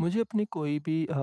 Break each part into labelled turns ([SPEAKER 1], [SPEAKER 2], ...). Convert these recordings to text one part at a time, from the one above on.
[SPEAKER 1] मुझे अपनी कोई भी अ,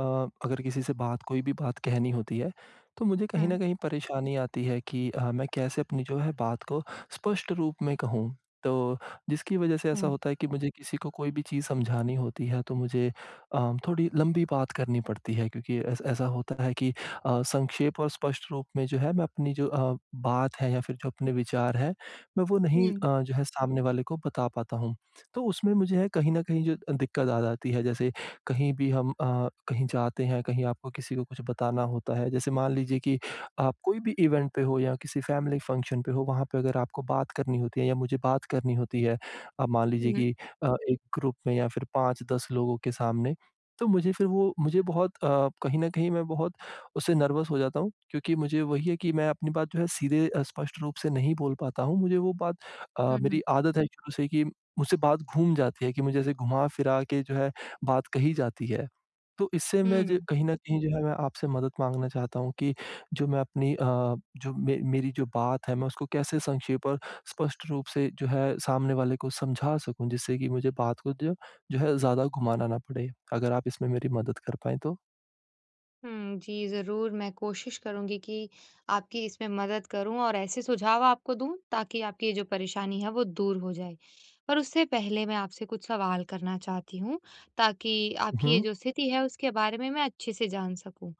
[SPEAKER 1] अगर किसी से बात कोई भी बात कहनी होती है तो मुझे कहीं
[SPEAKER 2] हुँ।
[SPEAKER 1] न कहीं परेशानी आती है कि अ, मैं कैसे अपनी जो है बात को स्पष्ट रूप में कहूँ। तो, जिसकी वज़ह से ऐसा
[SPEAKER 2] हुँ।
[SPEAKER 1] होता है कि मुझे किसी को कोई भी चीज़ समझानी होती है, तो मुझे अ, थोड़ी लम्बी बात करनी पड़ती है, क्योंकि ऐस ऐसा होता है कि अ, संक्षेप और स्पष्ट रूप में जो है मैं अपनी जो अ, बात है या फिर जो अपने विचार हैं मैं वो नहीं
[SPEAKER 2] हुँ।
[SPEAKER 1] अ, जो है सामने वाले को बता पाता हूँ। तो उसमें मुझे कहीं न कहीं जो दिक्कत आ जाती है। जैसे कहीं भी हम अ, कहीं जाते हैं कहीं आपको किसी को कुछ बताना होता है, जैसे मान लीजिए कि आप कोई भी इवेंट पे हो या किसी फ़ेेमिली फ़ंक्शन पे हो वहाँ पे अगर आपको बात करनी होती है या मुझे बात करनी होती है अब मान लीजिए
[SPEAKER 2] हुँ।
[SPEAKER 1] कि अ, एक ग्रुप में या फिर 5-10 लोगों के सामने। तो मुझे फिर वो मुझे बहुत अ, कहीं न कहीं मैं बहुत उससे नर्वस हो जाता हूँ क्योंकि मुझे वही है कि मैं अपनी बात जो है सीधे स्पष्ट रूप से नहीं बोल पाता हूँ, मुझे वो बात अ,
[SPEAKER 2] हुँ, हुँ।
[SPEAKER 1] मेरी आदत है शुरू से कि मुझसे बात घूम जाती है कि मुझे ऐसे घुमा फिरा के जो है बात कही जाती है। तो इससे मैं जो
[SPEAKER 2] हुँ।
[SPEAKER 1] कहीं न कहीं जो है मैं आपसे मदद माँगना चाहता हूँ कि जो मैं अपनी अ, जो मे मेरी जो बात है मैं उसको कैसे संक्षेप और स्पष्ट रूप से जो है, सामने वाले को समझा सकूँ जिससे कि मुझे बात को जो जो है ज़्यादा घुमाना ना पड़े, अगर आप इसमें मेरी मदद कर पाएँ तो
[SPEAKER 2] हुँ, जी। ज़रूर मैं कोशिश करूँगी कि आपकी इसमें मदद करूँ और ऐसे सुझाव आपको दूँ ताकि आपकी ये जो परेशानी है वो दूर हो जाए। पर उससे पहले मैं आपसे कुछ सवाल करना चाहती हूँ ताकि
[SPEAKER 1] उ,
[SPEAKER 2] आपकी ये
[SPEAKER 1] हुँ।
[SPEAKER 2] जो स्थिति है उसके बारे में, मैं अच्छे से जान सकूँ।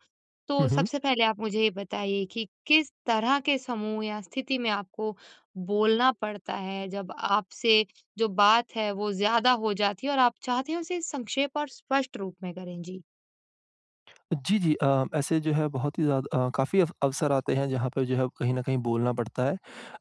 [SPEAKER 2] तो
[SPEAKER 1] हुँ, हुँ।
[SPEAKER 2] सबसे पहले आप मुझे ये बताइए कि, किस तरह के समूह या स्थिति में आपको बोलना पड़ता है जब आपसे जो बात है वो ज़्यादा हो जाती है? और आप चाहते हैं उसे संक्षेप और स्पष्ट रूप में करें? जी।
[SPEAKER 1] जी, जी। अ, ऐसे जो है बहुत ही ज़्या अ, काफ़ी अफ अवसर आते हैं जहाँ पर जो है कहीं न कहीं बोलना पड़ता है।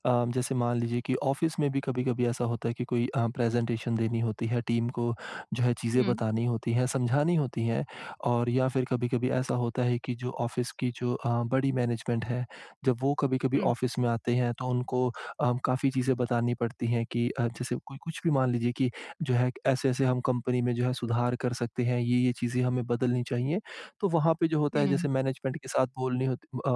[SPEAKER 1] अ, जैसे मान लीजिए कि ऑफ़िस में भी कभी-कभी ऐसा होता है कि कोई अ, प्रेज़ेटेशन देनी होती है, टीम को जो है चीज़ें
[SPEAKER 2] हुँ।
[SPEAKER 1] बतानी होती हैं, समझानी होती हैं और या फिर कभी-कभी ऐसा होता है कि जो ऑफ़िस की जो अ, बड़ी मैनेज़मेंट है, जब वो कभी-कभी
[SPEAKER 2] हुँ।
[SPEAKER 1] ऑफ़िस में आते हैं तो उनको अ, काफ़ी चीज़ें बतानी पड़ती हैं कि अ, जैसे कोई कुछ भी मान लीजिए कि जो है ऐसे-ऐसे हम कंपनी में जो है सुधार कर सकते हैं। ये-ये चीज़ें हमें बदलनी चाहिए। तो वहाँ पे जो होता है
[SPEAKER 2] हुँ।
[SPEAKER 1] जैसे मैनेज़मेंट के साथ बोलनी होत अ,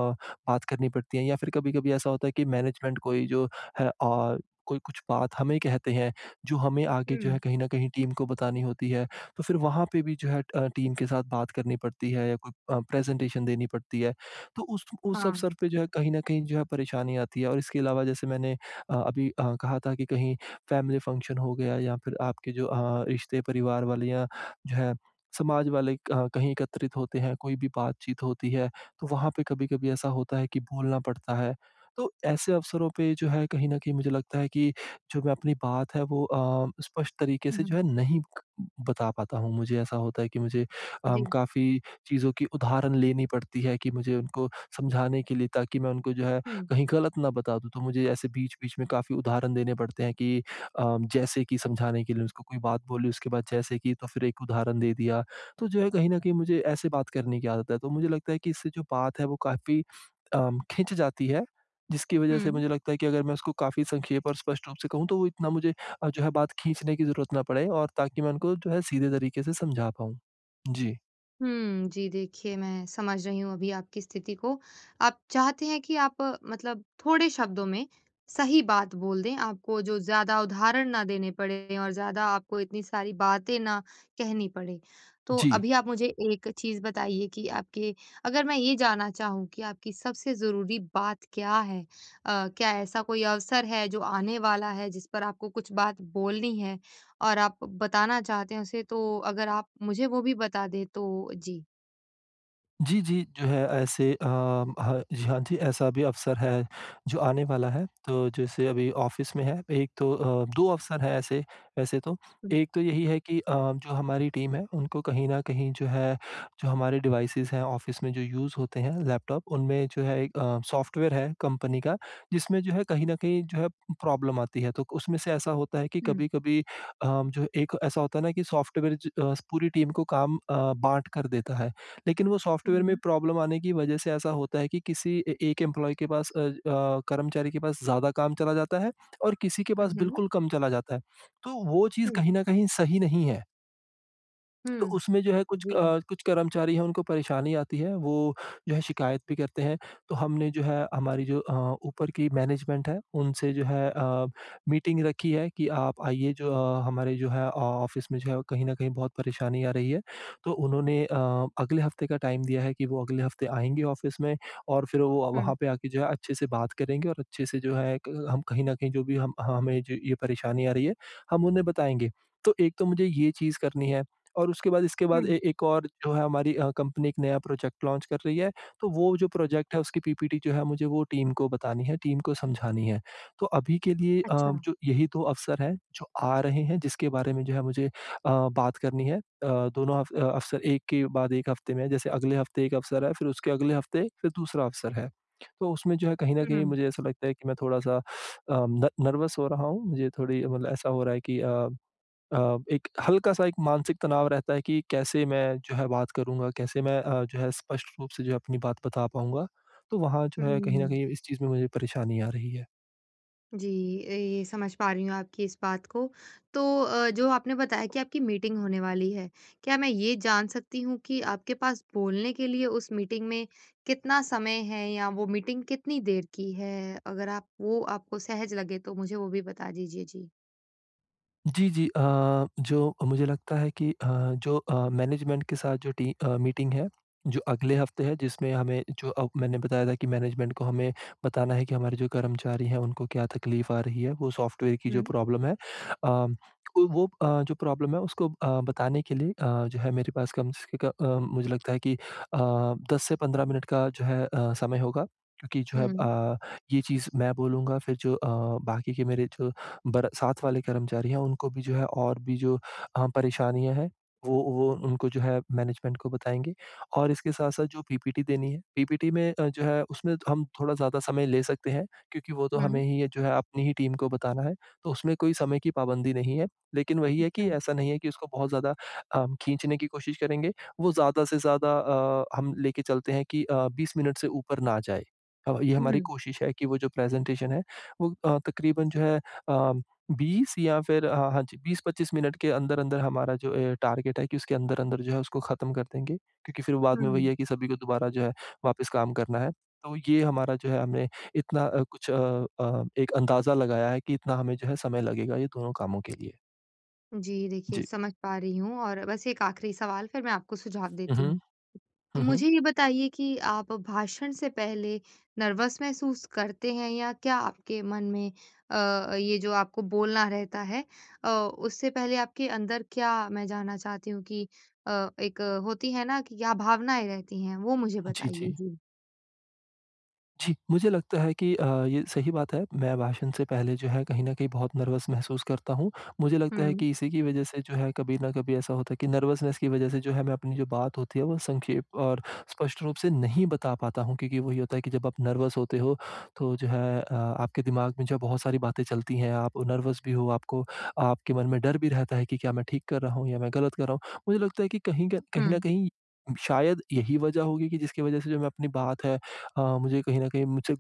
[SPEAKER 1] बात करनी पड़ती है या फिर कभी-कभी ऐसा होता है कि मैनेज़मेंट कोई जो है औ कोई कुछ बात हमें कहते हैं जो हमें आगे जो है
[SPEAKER 2] हुँ।
[SPEAKER 1] कहीं न कहीं टीम को बतानी होती है। तो फिर वहाँ पे भी जो है अ, टीम के साथ बात करनी पड़ती है या कोई अ, प्रेज़ेंटेशन देनी पड़ती है। तो उस उस
[SPEAKER 2] हाँ।
[SPEAKER 1] अवसर पे जो है कहीं न कहीं जो है परेशानी आती है और इसके अलावा जैसे मैंने अ, अभी अ, कहा था कि कहीं फ़ेेमिली फ़ंक्शन हो गया या फिर आपके जो अ, रिश्ते परिवार वाले या जो है समाज वाले क कहीं एकत्रित होते हैं, कोई भी बातचीत होती है तो वहाँ पे कभी-कभी ऐसा होता है कि बोलना पड़ता है। तो ऐसे अवसरों पे जो है कहीं न कहीं मुझे लगता है कि, जो मैं अपनी बात है वो अ, स्पष्ट तरीके से जो
[SPEAKER 2] हुँ।
[SPEAKER 1] है नहीं बता पाता हूँ। मुझे ऐसा होता है कि मुझे अम
[SPEAKER 2] जी।
[SPEAKER 1] काफ़ी चीज़ों की उदाहरण लेनी पड़ती हैं कि मुझे उनको समझाने के लिए ताकि मैं उनको जो है
[SPEAKER 2] हुँ।
[SPEAKER 1] कहीं गलत ना बता दूँ। तो मुझे ऐसे बीच-बीच में काफ़ी उदाहरण देने पड़ते हैं कि अ, जैसे कि समझाने के लिए उसको कोई बात बोली उसके बाद जैसे कि तो फिर एक उदाहरण दे दिया। तो जो है कहीं न कहीं मुझे ऐसे बात करने की आदत है। तो मुझे लगता है कि इससे जो बात है वो काफ़ी अम खिंच जाती है। जिसकी वजह से
[SPEAKER 2] हुँ।
[SPEAKER 1] मुझे लगता है कि अगर मैं उसको काफ़ी संक्षेप और स्पष्ट रूप से कहूँ तो वो इतना मुझे अ, जो है बात खींचने की ज़रूरत ना पड़े और ताकि मैं उनको जो है सीधे तरीके से समझा पाऊँ। जी।
[SPEAKER 2] हुँ, जी देखिए, मैं समझ रही हूँ अभी आपकी स्थिति को। आप चाहते हैं कि आप मतलब थोड़े शब्दों में सही बात बोल दें, आपको जो ज़्यादा उदाहरण ना देने पड़े और ज़्यादा आपको इतनी सारी बातें ना कहनी पड़े। तो
[SPEAKER 1] जी।
[SPEAKER 2] अभी आप मुझे एक चीज़ बताइए कि आपके अगर मैं ये जानना चाहूँ कि आपकी सबसे ज़रूरी बात क्या है? अ, क्या ऐसा कोई अवसर है, जो आने वाला है जिस पर आपको कुछ बात बोलनी है और आप बताना चाहते हैं उसे? तो अगर आप मुझे वो भी बता दें तो जी।
[SPEAKER 1] जी, जी, जो है ऐसे अ ह जी, हाँ जी, ऐसा भी अवसर है, जो आने वाला है। तो जैसे अभी ऑफ़िस में है एक तो अ, 2 अवसर हैं ऐसे वैसे तो।
[SPEAKER 2] हुँ।
[SPEAKER 1] एक तो यही है कि अ, जो हमारी टीम है, उनको कहीं न कहीं जो है जो हमारे डिवाइसेस हैं ऑफ़िस में जो यूज़ होते हैं लैपटॉप, उनमें जो है एक अ, सॉफ्टवेयर है कंपनी का, जिसमें जो है कहीं न कहीं जो है प्रॉब्लम आती है। तो क उसमें से ऐसा होता है कि
[SPEAKER 2] हुँ।
[SPEAKER 1] कभी-कभी अ, जो एक ऐसा होता है ना कि सॉफ्टवेयर ज अ, पूरी टीम को काम अ, बाँट कर देता है। लेकिन वो सॉफ्टवेयर में
[SPEAKER 2] हुँ।
[SPEAKER 1] प्रॉब्लम आने की वजह से ऐसा होता है कि किसी ए एक एम्प्लॉयी के पास अ अ, कर्मचारी के पास ज़्यादा काम चला जाता है, और किसी के
[SPEAKER 2] हुँ,
[SPEAKER 1] पास
[SPEAKER 2] हुँ।
[SPEAKER 1] बिल्कुल कम चला जाता है। तो वो चीज़
[SPEAKER 2] हुँ।
[SPEAKER 1] कहीं न कहीं सही नहीं है। तो
[SPEAKER 2] हुँ।
[SPEAKER 1] उसमें जो है कुछ अ,
[SPEAKER 2] जी।
[SPEAKER 1] कुछ कर्मचारी हैं उनको परेशानी आती है वो जो है शिकायत भी करते हैं। तो हमने जो है हमारी जो अ, ऊपर की मैनेजमेंट है उनसे जो है अ, मीटिंग रखी है कि आप आइए जो अ, हमारे जो है ऑफ़िस में जो है कहीं न कहीं बहुत परेशानी आ रही है। तो उन्होंने अ, अगले हफ्ते का टाइम दिया है कि वो अगले हफ्ते आएँगे ऑफ़िस में और फ़िर वो
[SPEAKER 2] हुँ।
[SPEAKER 1] वहाँ पे आके जो है अच्छे से बात करेंगे और अच्छे से जो है क हम कहीं न कहीं जो भी हम हमें जो ये परेशानी आ रही है, हम उन्हें बताएँगे। तो एक तो मुझे ये ये चीज़ करनी है और उसके बाद इसके बाद
[SPEAKER 2] हुँ।
[SPEAKER 1] ए एक और जो है अ, हमारी कंपनी एक नया प्रोजेक्ट लॉन्च कर रही है। तो वो जो प्रोजेक्ट है उसकी पीपीटी जो है मुझे वो टीम को बतानी है, टीम को समझानी है। तो अभी के लिए अ,
[SPEAKER 2] अच्छा।
[SPEAKER 1] जो यही 2 अवसर हैं जो आ रहे हैं जिसके बारे में जो है मुझे अ, बात करनी है। अ, दोनों अव अवसर एक के बाद एक हफ्ते में है, जैसे अगले हफ्ते एक अवसर है फ़िर उसके अगले हफ्ते फ़िर दूसरा अवसर है। तो उसमें जो है कहीं न कहीं
[SPEAKER 2] हुँ।
[SPEAKER 1] मुझे ऐसा लगता है कि मैं थोड़ा-सा अ, न नर्वस हो रहा हूँ मुझे थोड़ी मतलब ऐसा हो रहा है कि अ अ, एक हल्का-सा एक मानसिक तनाव रहता है कि कैसे मैं जो है बात करूँगा, कैसे मैं अ, जो है स्पष्ट रूप से जो है अपनी बात बता पाऊँगा। तो वहाँ जो है कहीं न
[SPEAKER 2] हुँ।
[SPEAKER 1] कहीं इस चीज़ में मुझे परेशानी आ रही है।
[SPEAKER 2] जी, ए समझ पा रही हूँ आपकी इस बात को तो अ, जो आपने बताया कि आपकी मीटिंग होने वाली है। क्या मैं ये जान सकती हूँ कि आपके पास बोलने के लिए उस मीटिंग में कितना समय है? या वो मीटिंग कितनी देर की है? अगर आप वो आपको सहज लगे तो मुझे वो भी बता दीजिए? जी।
[SPEAKER 1] जी, जी अ, जो मुझे लगता है कि अ, जो अ, मैनेजमेंट के साथ जो टी अ, मीटिंग है, जो अगले हफ्ते है जिसमें हमें जो अ, मैंने बताया था कि मैनेजमेंट को हमें बताना है कि हमारे जो कर्मचारी है उनको क्या तकलीफ़ आ रही है, वो सॉफ्टवेयर की जो
[SPEAKER 2] हुँ।
[SPEAKER 1] प्रॉब्लम है। अ, वो अ, जो प्रॉब्लम है उसको अ, बताने के लिए अ, जो है मेरे पास कम से क अ म मुझे लगता है कि अ, 10 से 15 मिनट का जो है अ, समय होगा। क्योंकि जो है
[SPEAKER 2] हुँ।
[SPEAKER 1] अ, ये चीज़ मैं बोलूँगा फिर जो अ, बाकी के मेरे जो बर साथ वाले कर्मचारी हैं उनको भी जो है और भी जो अ, परेशानियाँ हैं वो वो उनको जो है मैनेजमेंट को बताएँगे। और इसके साथ-साथ जो पीपीटी देनी है, पीपीटी में अ, जो है उसमें हम थोड़ा ज़्यादा समय ले सकते हैं क्योंकि वो तो हमें
[SPEAKER 2] हुँ।
[SPEAKER 1] ही ये जो है अपनी ही टीम को बताना है, तो उसमें कोई समय की पाबंदी नहीं है। लेकिन वही है कि
[SPEAKER 2] अच्छा।
[SPEAKER 1] ऐसा नहीं है कि उसको बहुत ज़्यादा अ, खींचने की कोशिश करेंगे। वो ज़्यादा से ज़्यादा अ, हम लेके चलते हैं कि अ, 20 मिनट से ऊपर ना जाए अ, ये हमारी
[SPEAKER 2] हुँ।
[SPEAKER 1] कोशिश है कि वो जो प्रेजेंटेशन है वो अ, तकरीबन जो है अ, 20 या फिर अ, हाँ जी 20-25 मिनट के अंदर-अंदर हमारा जो अ, टारगेट है कि उसके अंदर-अंदर जो है उसको खत्म कर देंगे। क्योंकि फिर बाद में वही
[SPEAKER 2] हुँ।
[SPEAKER 1] है, कि सभी को दोबारा जो है वापस काम करना है। तो ये हमारा जो है हमने इतना अ, कुछ अ अ एक अंदाजा लगाया है कि इतना हमें जो है समय लगेगा, ये दोनों कामों के लिए।
[SPEAKER 2] जी, देखिए,
[SPEAKER 1] जी।
[SPEAKER 2] समझ पा रही हूँ और बस एक आखिरी सवाल, फिर मैं आपको सुझाव
[SPEAKER 1] हुँ,
[SPEAKER 2] देती हूँ।
[SPEAKER 1] हुँ। हुँ, हुँ।
[SPEAKER 2] मुझे ये बताइए कि आप भाषण से पहले नर्वस महसूस करते हैं या क्या आपके मन में अ अ, ये जो आपको बोलना रहता है अ, उससे पहले आपके अंदर, क्या मैं जानना चाहती हूँ कि अ, एक होती है ना, कि क्या भावनाएँ रहती हैं? वो मुझे
[SPEAKER 1] जी,
[SPEAKER 2] बताइए।
[SPEAKER 1] जी।
[SPEAKER 2] जी।
[SPEAKER 1] जी। मुझे लगता है कि अ, ये सही बात है, मैं भाषण से पहले जो है, कहीं न कहीं बहुत नर्वस महसूस करता हूँ। मुझे लगता है
[SPEAKER 2] हुँ।
[SPEAKER 1] कि इसी की वज़ह से जो है, कभी न कभी ऐसा होता है कि नर्वसनेस की वज़ह से जो है, मैं अपनी जो बात होती है, वो संक्षेप और स्पष्ट रूप से नहीं बता पाता हूँ, क्योंकि वही होता है कि जब आप नर्वस होते हो, तो जो है अ, आपके दिमाग में जो है, बहुत सारी बातें चलती हैं। आप नर्वस भी हो, आपको आपके मन में डर भी रहता है कि क्या मैं ठीक कर रहा हूँ या मैं गलत कर रहा हूँ? मुझे लगता है कि कहीं क कहीं न
[SPEAKER 2] हुँ।
[SPEAKER 1] कहीं, शायद यही वज़ह होगी कि जिसकी वज़ह से जो मैं अपनी बात है अ, मुझे कहीं न कहीं मुझसे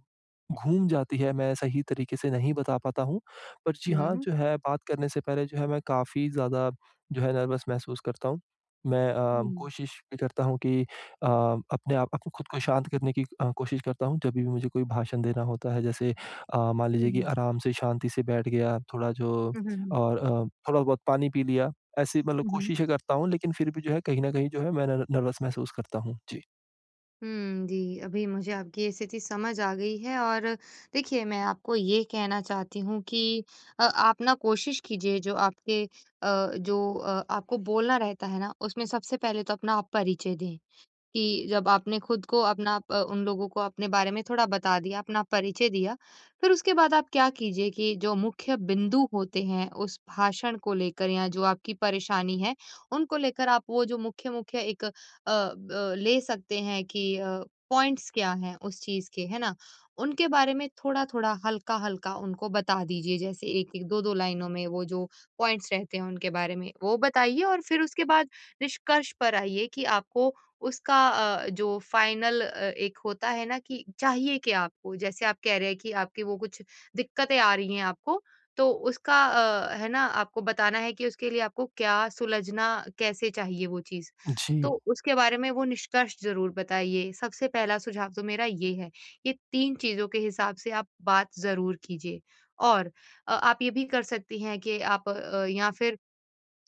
[SPEAKER 1] घूम जाती है, मैं सही तरीके से नहीं बता पाता हूँ। पर जी हाँ,
[SPEAKER 2] हुँ।
[SPEAKER 1] जो है, बात करने से पहले जो है, मैं काफ़ी ज़्यादा जो है, नर्वस महसूस करता हूँ। मैं अ,
[SPEAKER 2] हुँ।
[SPEAKER 1] कोशिश भी करता हूँ कि अ, अपने आप अप खुद को शांत करने की अ, कोशिश करता हूँ, जभी भी मुझे कोई भाषण देना होता है। जैसे अ, मान
[SPEAKER 2] हुँ,
[SPEAKER 1] लीजिए कि
[SPEAKER 2] हुँ।
[SPEAKER 1] आराम से, शांति से बैठ गया, थोड़ा जो
[SPEAKER 2] हुँ, हुँ, हुँ।
[SPEAKER 1] और अ, थोड़ा-बहुत पानी पी लिया, ऐसी मतलब
[SPEAKER 2] हुँ, हुँ।
[SPEAKER 1] कोशिशें करता हूँ, लेकिन फिर भी जो है, कहीं न कहीं जो है, मैं नर नर्वस महसूस करता हूँ। जी।
[SPEAKER 2] हुँ, जी। अभी मुझे आपकी स्थिति समझ आ गई है। और देखिए मैं आपको ये कहना चाहती हूँ कि अ, आप न कोशिश कीजिए जो आपके अ, जो अ, आपको बोलना रहता है न उसमें सबसे पहले तो अपना आप परिचय दें। कि जब आपने ख़ुद को अपना अ, उन लोगों को अपने बारे में थोड़ा बता दिया, अपना परिचय दिया फिर उसके बाद आप क्या कीजिए कि जो मुख्य बिंदु होते हैं उस भाषण को लेकर या जो आपकी परेशानी है उनको लेकर आप वो जो मुख्य-मुख्य एक अ, ब एक ले सकते हैं कि अ, पॉइंट्स क्या हैं उस चीज के? है ना? उनके बारे में थोड़ा-थोड़ा, हल्का-हल्का उनको बता दीजिए। जैसे 1-1, 2-2 लाइनों में वो जो पॉइंट्स रहते हैं उनके बारे में वो बताइए और फिर उसके बाद निष्कर्ष पर आइए कि आपको उसका अ, जो फ़ाइनल अ, एक होता है ना, कि चाहिए क्या आपको। जैसे आप कह रहे हैं कि आपकी वो कुछ दिक्कतें आ रही हैं आपको तो उसका अ, है ना, आपको बताना है कि उसके लिए आपको क्या सुलझना कैसे चाहिए वो चीज़? तो
[SPEAKER 1] जी।
[SPEAKER 2] उसके बारे में वो निष्कर्ष ज़रूर बताइए, सबसे पहला सुझाव तो मेरा ये है। ये 3 चीज़ों के हिसाब से आप बात ज़रूर कीजिए। और अ, आप ये भी कर सकती हैं कि आप अ, या फिर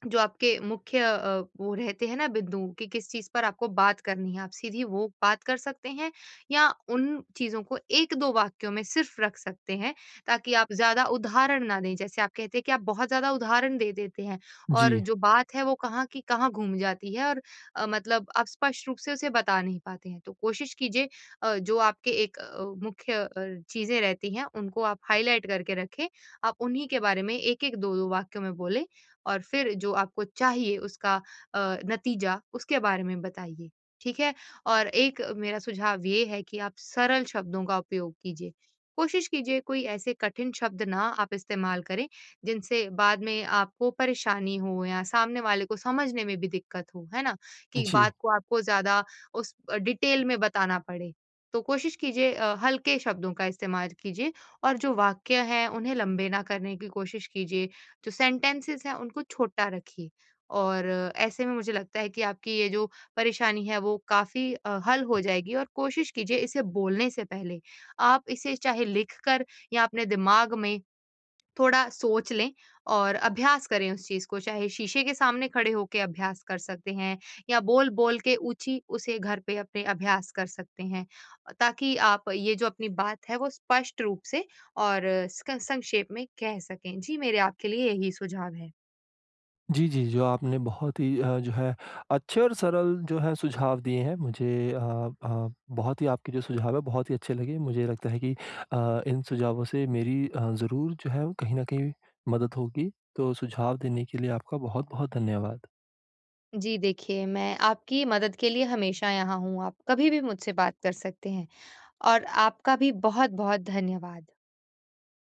[SPEAKER 2] जो आपके मुख्य अ, वो रहते हैं ना, बिंदु कि किस चीज़ पर आपको बात करनी है आप सीधी वो बात कर सकते हैं या उन चीज़ों को 1-2 वाक्यों में सिर्फ़ रख सकते हैं ताकि आप ज़्यादा उदाहरण ना दें। जैसे आप कहते हैं कि आप बहुत ज़्यादा उदाहरण दे देते हैं और
[SPEAKER 1] जी।
[SPEAKER 2] जो बात है वो कहाँ की कहाँ घूम जाती है और अ, मतलब अ, स्पष्ट रूप से उसे बता नहीं पाते हैं। तो कोशिश कीजिए अ, जो आपके एक अ, मुख्य अ, चीजें रहती हैं उनको आप हाइलाइट करके रखें। आप उन्हीं के बारे में 1-1, 2-2 वाक्यों में बोलें और फिर जो आपको चाहिए उसका अ, नतीजा उसके बारे में बताइए। ठीक है? और एक मेरा सुझाव ये है कि आप सरल शब्दों का उपयोग कीजिए। कोशिश कीजिए कोई ऐसे कठिन शब्द ना आप इस्तेमाल करें जिनसे बाद में आपको परेशानी हो या सामने वाले को समझने में भी दिक्कत हो, है ना? कि
[SPEAKER 1] जी।
[SPEAKER 2] बात को आपको ज़्यादा उस डिटेल में बताना पड़े। तो कोशिश कीजिए अ, हल्के शब्दों का इस्तेमाल कीजिए। और जो वाक्य है उन्हें लंबे ना करने की कोशिश कीजिए। जो सेंटेंसेस हैं उनको छोटा रखिए। और ऐसे में मुझे लगता है कि आपकी ये जो परेशानी है वो काफ़ी अ, हल हो जाएगी। और कोशिश कीजिए इसे बोलने से पहले आप इसे चाहे लिखकर या अपने दिमाग में थोड़ा सोच लें और अभ्यास करें उस चीज़ को चाहे शीशे के सामने खड़े होके अभ्यास कर सकते हैं या बोल-बोल के ऊँची उसे घर पर अपने अभ्यास कर सकते हैं। अ, ताकि आप ये जो अपनी बात है वो स्पष्ट रूप से और सक स संक्षेप में कह सकें। जी मेरे आपके लिए यही सुझाव हैं।
[SPEAKER 1] जी, जी। जो आपने बहुत ही अ, जो है अच्छे और सरल जो हैं सुझाव दिए हैं मुझे। अ, आप बहुत ही आपके जो सुझाव हैं बहुत ही अच्छे लगे। मुझे लगता है कि अ, इन सुझावों से मेरी अ, ज़रूर जो है वो कहीं न कहीं मदद होगी। तो सुझाव देने के लिए आपका बहुत-बहुत धन्यवाद।
[SPEAKER 2] जी, देखिए मैं आपकी मदद के लिए हमेशा यहाँ हूँ। आप कभी भी मुझसे बात कर सकते हैं। और आपका भी बहुत-बहुत धन्यवाद।